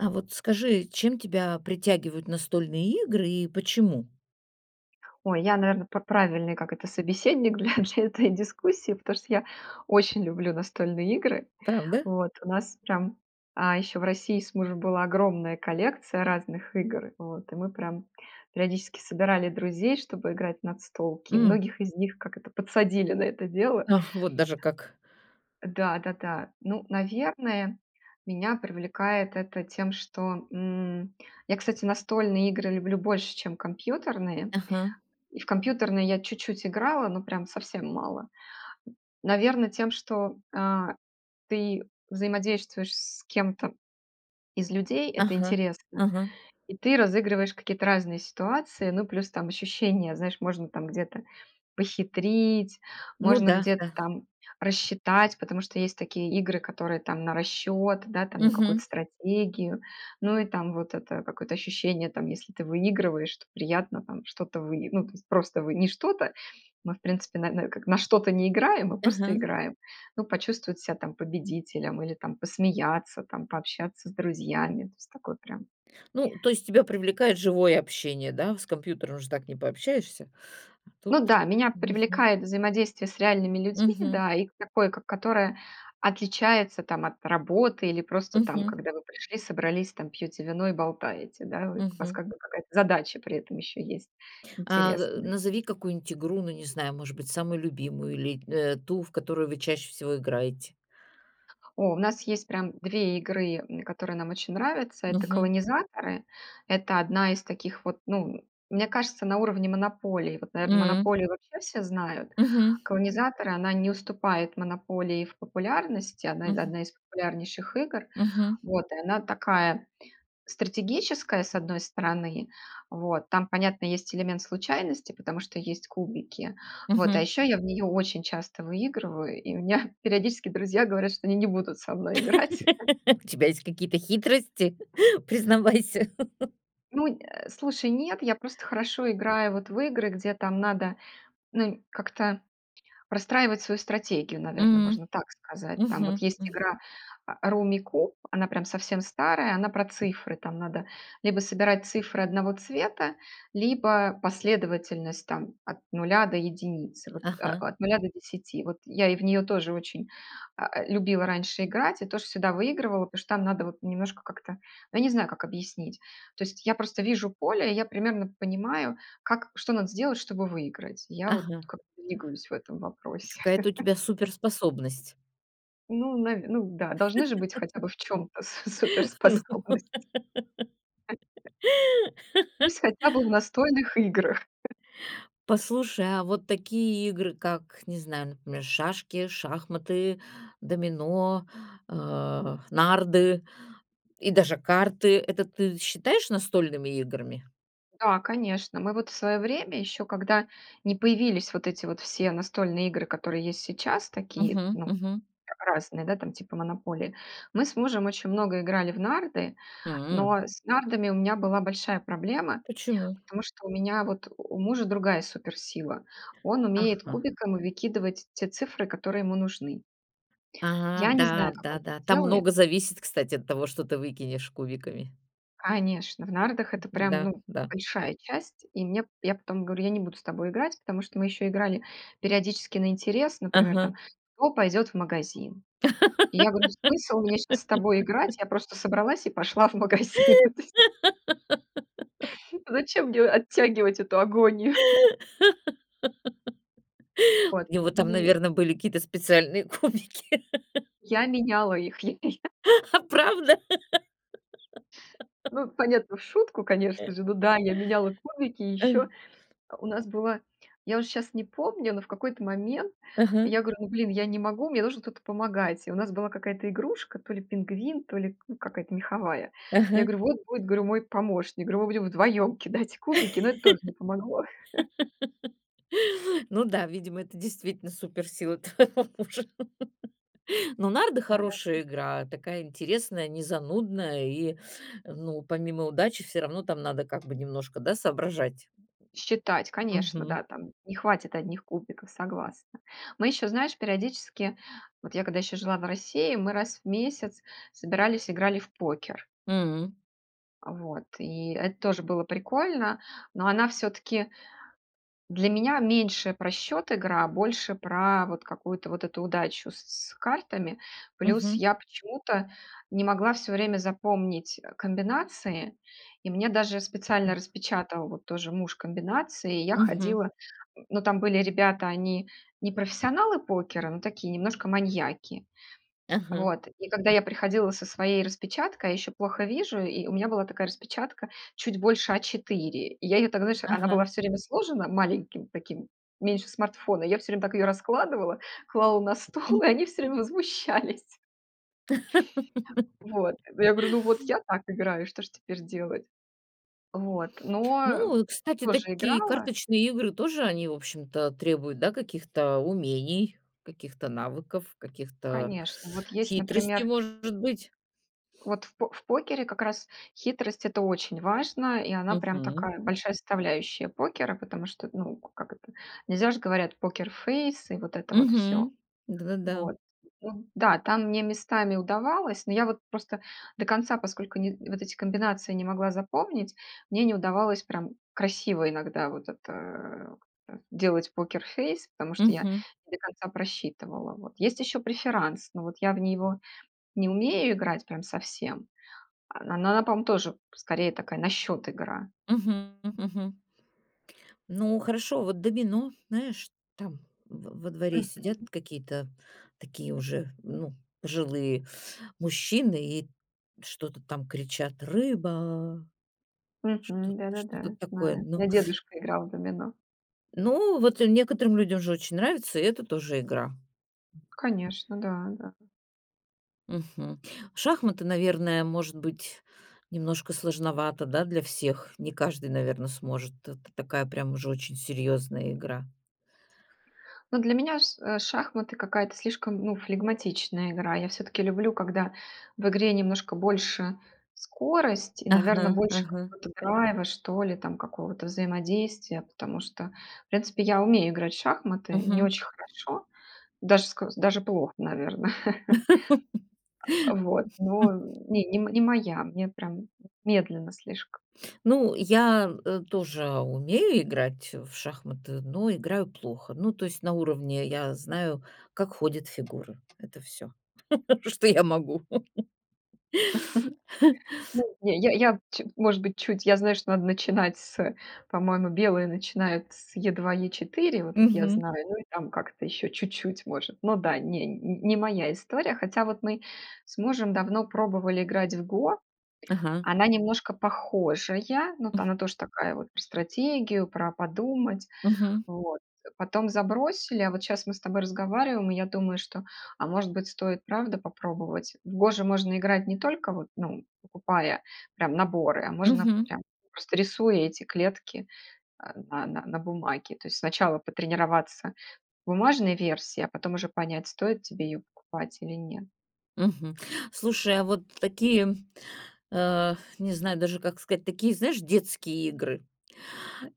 А вот скажи, чем тебя притягивают настольные игры и почему? Ой, я, наверно, п правильный, как это, собеседник для для этой дискуссии, потому что я очень люблю настольные игры. Правда? Вот у нас прям А, ещё в России с мужем была огромная коллекция разных игр, вот, и мы прям периодически собирали друзей, чтобы играть в настолки, и М. многих из них, как это, подсадили на это дело. Ах, вот даже как. Да, да, да. Ну, наверное, меня привлекает это тем, что, м, я, кстати, настольные игры люблю больше, чем компьютерные, Ага. и в компьютерные я чуть-чуть играла, ну, прям совсем мало. Наверно, тем, что, а, ты взаимодействуешь с кем-то из людей, это Ага, интересно, ага. и ты разыгрываешь какие-то разные ситуации. Ну, плюс там ощущение, знаешь, можно там где-то похитрить, Ну можно да, где-то да. там рассчитать. Потому что, есть такие игры, которые там на расчет, да, там, на Мгм. какую-то стратегию, ну и там вот это какое-то ощущение там, если ты выигрываешь, то приятно там что-то выи Ну, то есть просто выи не что-то, мы, в принципе, на на как на что-то не играем, мы просто Ага. играем. Ну, почувствовать себя там победителем или там посмеяться там, пообщаться с друзьями, то есть такое прям. Ну, то есть тебя привлекает живое общение, да? С компьютером же так не пообщаешься, а тут Ну да, меня мгм. привлекает взаимодействие с реальными людьми, Мгм. да, и к такое, к которое отличается там от работы или просто там, Мгм. когда вы пришли, собрались там, пьете вино и болтаете, да. Вык у вас Мгм. как бы какая-то задача при этом еще есть А, э, интересны назови какую-нибудь игру, ну, не знаю, может быть, самую любимую или, э, ту, в которую вы чаще всего играете. О, у нас есть прям 2 игры, м, которые нам очень нравятся- это Мгм. "Колонизаторы". Это одна из таких вот, ну, мне кажется, на уровне "Монополии". Вот, наверно, М. "Монополию" вообще все знают. Мгм. "Колонизаторы"- она не уступает "Монополии" в популярности, она Мгм. одна из популярнейших игр. Мгм. Вот и она такая стратегическая, с одной стороны, вот. Там, понятно, есть элемент случайности, потому что есть кубики. Вот, а Мгм. еще я в неё очень часто выигрываю, и меня периодически друзья говорят, что они не будут со мной играть. У тебя есть какие-то хитрости? Признавайся! Ну, э, слушай, нет, я просто хорошо играю вот в игры, где там надо, ну, нь как-то простраивать свою стратегию, наверно, М. можно так сказать. Там вот Мгм, есть м. игра, а, "Руммикуб" она прям совсем старая, она про цифры, там надо либо собирать цифры одного цвета, либо последовательность там от 0 до 1 вот Ага. от, э, 0 до 10. Вот я и в неё тоже очень, а, любила раньше играть и тоже всегда выигрывала, потому что там надо вот немножко как-то, ну я не знаю, как объяснить. То есть я просто вижу поле, и я примерно понимаю, как, что надо сделать, чтобы выиграть. Я вот Ага. как двигаюсь в этом вопросе. Какая-то у тебя суперспособность. Ну, наве ну да, должны же быть хотя бы в чём-то су Ну во суперспособности. Пусть хотя бы в настольных играх. Послушай, а вот такие игры, как, не знаю, например, шашки, шахматы, домино, а, нарды и даже карты- это ты считаешь настольными играми? Да, конечно. Мы вот в своё время, ещё когда не появились вот эти вот все настольные игры, которые есть сейчас, такие, Мгм. ну, Мгм. а разные, да, там типа "Монополии", мы с мужем очень много играли в нарды, М. но с нардами у меня была большая проблема, Почему? потому что у меня вот у мужа другая суперсила. Он умеет Ага. кубиком выкидывать те цифры, которые ему нужны. А, Я не да, знаю, как да, он да, там делает. много зависит, кстати, от того, что ты выкинешь кубиками. Конечно, в нардах это прям, М-да, ну, да. большая часть. И мне п и я потом говорю: "Я не буду с тобой играть". Потому что мы еще играли периодически на интерес. Например, там, Ага. кто пойдет в магазин? Я говорю: "Смысл мне щас с тобой играть?" Я просто собралась и пошла в магазин. Зачем мне оттягивать эту агонию? Вот, У него там, и наверно, были какие-то специальные кубики. Я меняла их, А правда? Ну, понятно, в шутку, Э. конечно же. Ну да, я меняла кубики. Э. Еще у нас была я уже щас не помню, но в какой-то момент Ага. я говорю: "Ну, блин, я не могу, мне нужен кто-то помогать". И у нас была какая-то игрушка, то ли пингвин, то ли, ну, какая-то меховая. Я Ага. говорю: "Вот будет, говорю, мой помощник". Говорю "Мы будем вдвоем кидать кубики". Но это тоже не помогло. Ну да, видимо, это действительно суперсила твоего мужа. Ну, нарды Да, да. хорошая игра, такая интересная, не занудная, и, ну, помимо удачи, всё равно там надо, как бы, немножко, да, соображать. Считать, конечно, Мгм. да, там не хватит одних кубиков, согласна. Мы ещё, знаешь, периодически, вот я, когда ещё жила в России, мы раз в месяц собирались, играли в покер. М. А, вот, и эт тоже было прикольно, но она всё-таки для меня меньше про счет игра, а больше про вот какую-то вот эту удачу с картами. Плюс Мгм. я почему-то не могла всё время запомнить, э, комбинации, и мне даже специально распечатал вот тоже муж комбинации, и я Мгм. ходила. Ну, там были ребята, они не профессионалы покера, но такие немножко маньяки. Ага. Вот, и когда я приходила со своей распечаткой, а еще плохо вижу, и у меня была такая распечатка чуть больше А4. И я ее, так, знаешь, она была Ага. всё время сложена маленьким таким, меньше смартфона, я всё время так её раскладывала, клала на стол, и они все время возмущались. Вот, ну, я говорю: "Ну, вот я так играю, что ж теперь делать?" Вот, но, э, Ну, кстати, тоже такие играла. карточные игры тоже они, в общем-то, требуют, да, каких-то умений, каких-то навыков, каких-то Конечно, вот есть, хитростей, например может быть. Вот, в по покере как раз хитрость это очень важно, и она прям Мгм. такая большая составляющая покера, потому что, т ну, как это, нельзя же, говорят, покерфейс и вот это вот всё, Мгм. Да, да, да. вот. Да, там мне местами удавалось, но я вот просто до конца, поскольку ни вот эти комбинации не могла запомнить, мне не удавалось прям красиво иногда вот это как-то делать покерфейс, потому что я Мгм. не до конца просчитывала, вот. Есть ещё преферанс, но вот я в него не умею играть прям совсем, а, но она, на пом тоже скорее такая на счёт игра. Мгм. Мгм. Мгм. Ну, хорошо, вот домино, знаешь, там в во дворе сидят Мгм. какие-то такие уже, ну, пожилые мужчины и что-то там кричат: "Рыба!" Что Мгм. т Да, да, да, что-то я такое, знаю. У ну. меня дедушка играл в домино. Ну, вот некоторым людям же очень нравится, и это тоже игра. Конечно, да, да. Мгм, шахматы, наверное, может быть, немножко сложновато, да, для всех. Не каждый, наверно, сможет. Это такая прям уже очень серьезная игра. Ну для меня ш э, шахматы- какая-то слишком, ну, флегматичная игра. Я всё-таки люблю, когда в игре немножко больше скорость. И, наверно, Ага, больше ага. какого-то драйва, что ли, там какого-то взаимодействия. Потому что, в принципе, я умею играть в шахматы не Мгм. очень хорошо, даже ск даже плохо, наверно. Э, вот, но не не моя, мне прям вот медленно слишком. Ну, я, э, тоже умею играть в шахматы, но играю плохо. Ну, то есть на уровне: я знаю, как ходят фигуры. Это всё, что я могу. Ну, не, я я ч может быть, чуть, я знаю, что надо начинать с, по-моему, белые начинают с E2-E4, вот это я Мгм. знаю. Ну, и там как-то еще чуть-чуть, может. Ну да, не не моя история, хотя вот мы с мужем давно пробовали играть в "Го". Ага. Она немножко похожая, но то она тоже такая вот про стратегию, про подумать. Мгм. Вот, потом забросили, а вот щас мы с тобой разговариваем, и я думаю, что, а, может быть, стоит правда попробовать? В "Го" же можно играть не только, вот, ну, покупая прям наборы, а можно Мгм. прям просто рисуя эти клетки, а, на на на бумаге. То есть сначала потренироваться в бумажной версии, а потом уже понять, стоит тебе ее покупать или нет. Мгм, слушай, а вот такие, э, не знаю даже, как сказать, такие, знаешь, детские игры.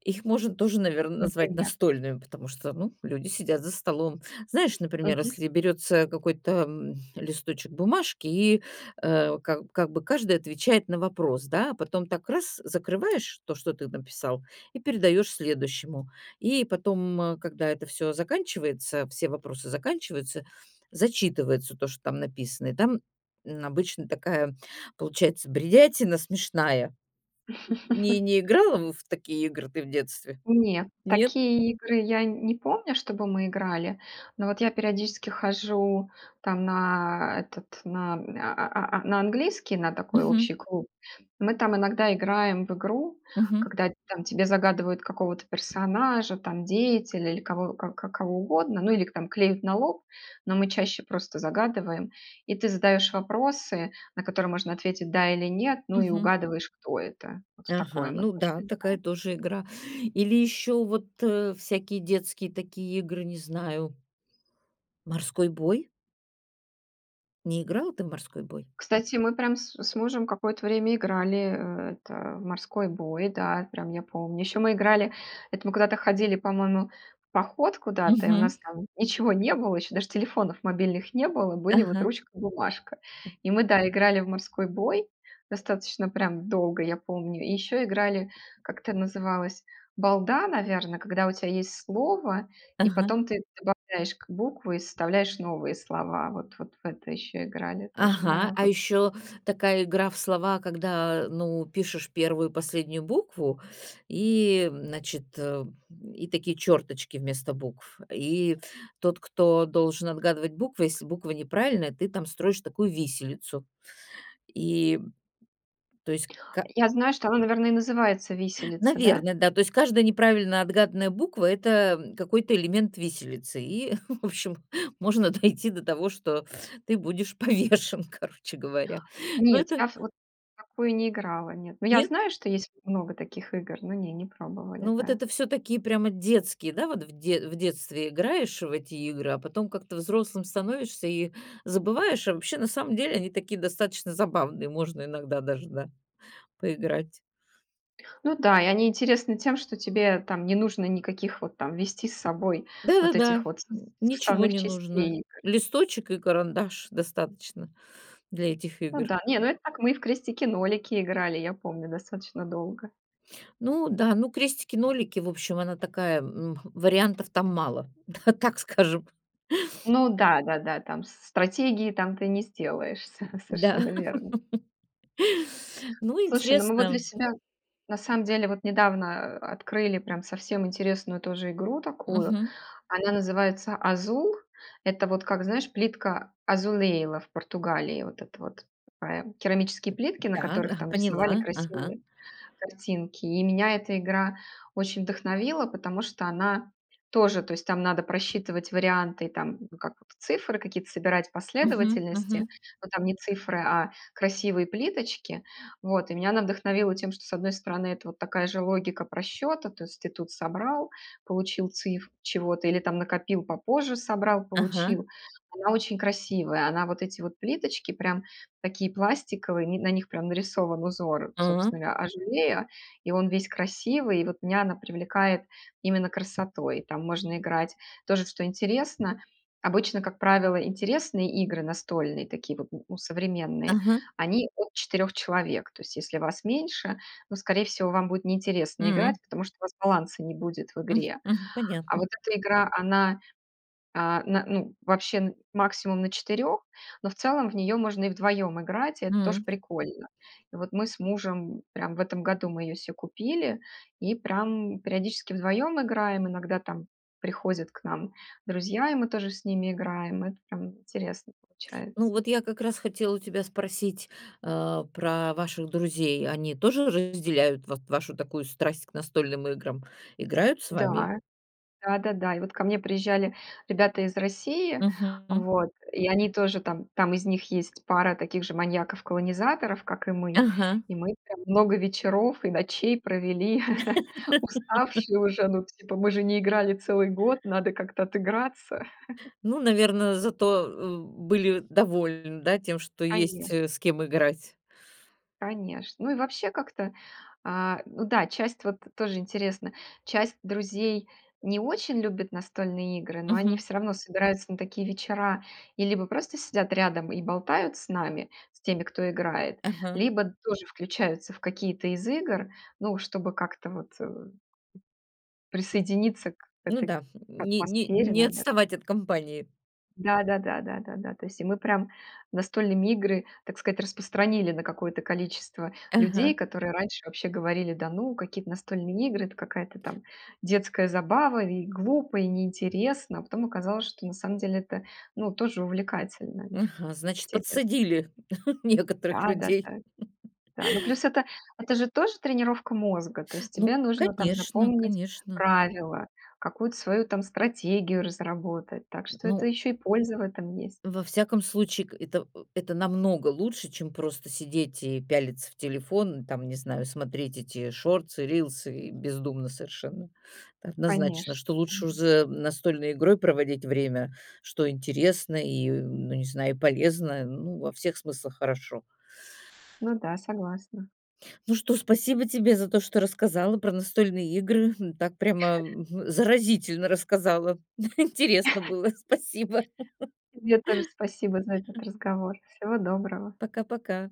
Их можно тоже, наверно, назвать Например? настольными. Потому что, ну, люди сидят за столом. Знаешь, например, Мгм. если берется какой-то, м, листочек бумажки и, э, как как бы каждый отвечает на вопрос, да. А потом так- раз, закрываешь то, что ты написал и передаешь следующему. И потом, когда это всё заканчивается, все вопросы заканчиваются, зачитывается то, что там написано. И там, м, обычно такая получается бредятина смешная. Не не играла в такие игры ты в детстве? Не, Нет? такие игры я не помню, чтобы мы играли. Но вот я периодически хожу там на этот на а а а на английский, на такой Мгм. общий клуб. Мы там иногда играем в игру, Мгм. когда там тебе загадывают какого-то персонажа, там деятеля или кого к кого угодно. Ну или к там клеят на лоб, но мы чаще просто загадываем. И ты задаешь вопросы, на которые можно ответить "да" или "нет", ну и Мгм. угадываешь, кто это. Вот в такое Ага, мы ну тоже да, такая играем. тоже игра. Или еще вот, э, всякие детские такие игры, не знаю. Морской бой? Не играла ты в "морской бой"? Кстати, мы, прям, с с мужем какое-то время играли, э, это, в "морской бой", да, прям я помню. Еще мы играли, это мы куда-то ходили, по-моему, в поход куда-то, и у Мгм. нас, там, ничего не было, еще даже телефонов мобильных не было, были, вот, Ага. ручка и бумажка. И мы, да, играли в "морской бой", достаточно, прям, долго, я помню. И еще играли, как это называлось, "балда", наверно, когда у тя есть слово, и Ага. потом ты добавляешь к буквы и составляешь новые слова. Вот, вот, в это еще играли тоже, Ага. да, А бы еще, такая игра в слова, когда, ну, пишешь 1 и последнюю букву. И, м, значит, э, м, и такие черточки вместо букв. И тот, кто должен отгадывать буквы, если буква неправильная, ты там строишь такую "виселицу" и, то есть ка Я знаю, что она, наверно, и называется "виселица", да? наверно, да, то есть, каждая неправильно отгаданная буква- это, м, какой-то элемент "виселицы" и, в общем, можно дойти до того, что ты будешь повешен, короче говоря. Ну Нет, это я ф вот, в такую не играла, нет. Ну я Нет? знаю, что есть вот много таких игр, но не, не пробовали, Ну, вот да. это, всё-таки, прямо детские, да, вот в дет в детстве играешь в эти игры, а потом как-то взрослым становишься и забываешь. А вообще, на самом деле, они такие, достаточно, забавные, можно иногда, даже да, поиграть. Ну да, и они интересны тем, что тебе, там, не нужно никаких, вот, там, везти с собой Да, да, вот да. этих вот, сос М, ничего составных не нужно, частей. листочек и карандаш, достаточно, для этих Ну игр. да. Не, ну это так мы и в "крестики-нолики" играли, я помню, достаточно, долго. Ну да, ну, крестики-нолики, в общем, она такая, м, вариантов там мало, да, так скажем. Ну да, да, да, там стратегии, там ты не сделаешься, Да, совершенно верно. ну, Слушай, ну мы вот для интересно. себя, на самом деле, вот недавно открыли прям совсем интересную тоже игру такую. Мгм. Она называется "Азул". Это вот как, знаешь, плитка Azulejo, в Португалии. Вот это вот такая керамические плитки, на Так. которых А, там рисовали поняла. Ага. красивые картинки. И меня эта игра очень вдохновила, потому что она тоже, то есть там надо просчитывать варианты, там как цифры какие-то собирать, Мгм. последовательности, Мгм. но там не цифры, а красивые плиточки. Вот, и меня она вдохновила тем, что, с одной стороны, это вот такая же логика просчета, то есть ты тут собрал, получил цифру чего-то, или там накопил попозже, собрал, Ага. получил. Она очень красивая, она вот эти вот плиточки прям такие пластиковые, на них прям нарисован узор, собственно А. говоря, Azulejo, и он весь красивый, и вот меня она привлекает именно красотой. Там можно играть. Тоже, что интересно, обычно, как правило, интересные игры настольные, такие вот, ну, современные, Ага. они от 4 человек. То есть если вас меньше, ну, скорее всего, вам будет неинтересно играть, Мгм. потому что у вас баланса не будет в М, игре. мгм, А понятно. вот эта игра- она, а, на ну, вообще максимум на 4, но в целом в нее можно и вдвоем играть, и это тоже М. прикольно. И вот мы с мужем прям в этом году мы ее се купили и прям периодически вдвоем играем. Иногда там приходят к нам друзья, и мы тоже с ними играем. Это прям интересно Ну получается. вот я как раз хотела у тебя спросить, а, про ваших друзей. Они тоже разделяют вот вашу такую страсть к настольным играм? Играют с вами? Да, да-да-да. И вот ко мне приезжали ребята из России, Мгм. М. вот, и они тоже там там из них есть пара таких же маньяков-колонизаторов, как и мы. Ага. И мы там много вечеров и ночей провели уставшие уже. Ну, типа мы же не играли целый год, надо как-то отыграться. Ну, наверно, зато, э, были довольны, да, тем, что есть, Конеч э, с кем играть. Конечно. Ну и вообще как-то, а, ну да, часть вот тоже интересно, часть друзей не очень любит настольные игры, но они Мгм. все равно собираются на такие вечера и либо просто сидят рядом и болтают с нами- с теми, кто играет, Ага. либо тоже включаются в какие-то из игр, ну, чтобы как-то вот, э, присоединиться к Ну этой да, к не не атмосфере, не навер отставать от компании. Да да да да да да. И то есть мы прям настольные игры, так сказать, распространили на какое-то количество людей, Ага. которые раньше вообще говорили: "Да ну, какие-то настольные игры- это какая-то там детская забава. И глупо, и неинтересно". А потом оказалось, что, на самом деле, это, ну, тоже увлекательно. Ага. Значит, Интерес подсадили некоторых Да, да, людей? да. Да. Ну, плюс это это же тоже тренировка мозга, то есть Ну, тебе нужно там конечно, запомнить конечно. правила, какую-то свою там стратегию разработать, так что это Ну еще и польза в этом есть. во всяком случае, к это это намного лучше, чем просто сидеть и пялиться в телефон, там не знаю, смотреть эти шортсы, рилсы, и бездумно совершенно. Это однозначно, Конечно. что лучше уж Мгм. за настольной игрой проводить время, что интересно и, ну, не знаю, и полезно, ну, во всех смыслах хорошо. Ну да, согласна. Ну что, спасибо тебе за то, что рассказала про настольные игры. Так прямо заразительно рассказала. Интересно было. Спасибо. Тебе тоже спасибо за этот разговор, всего доброго. Пока-пока.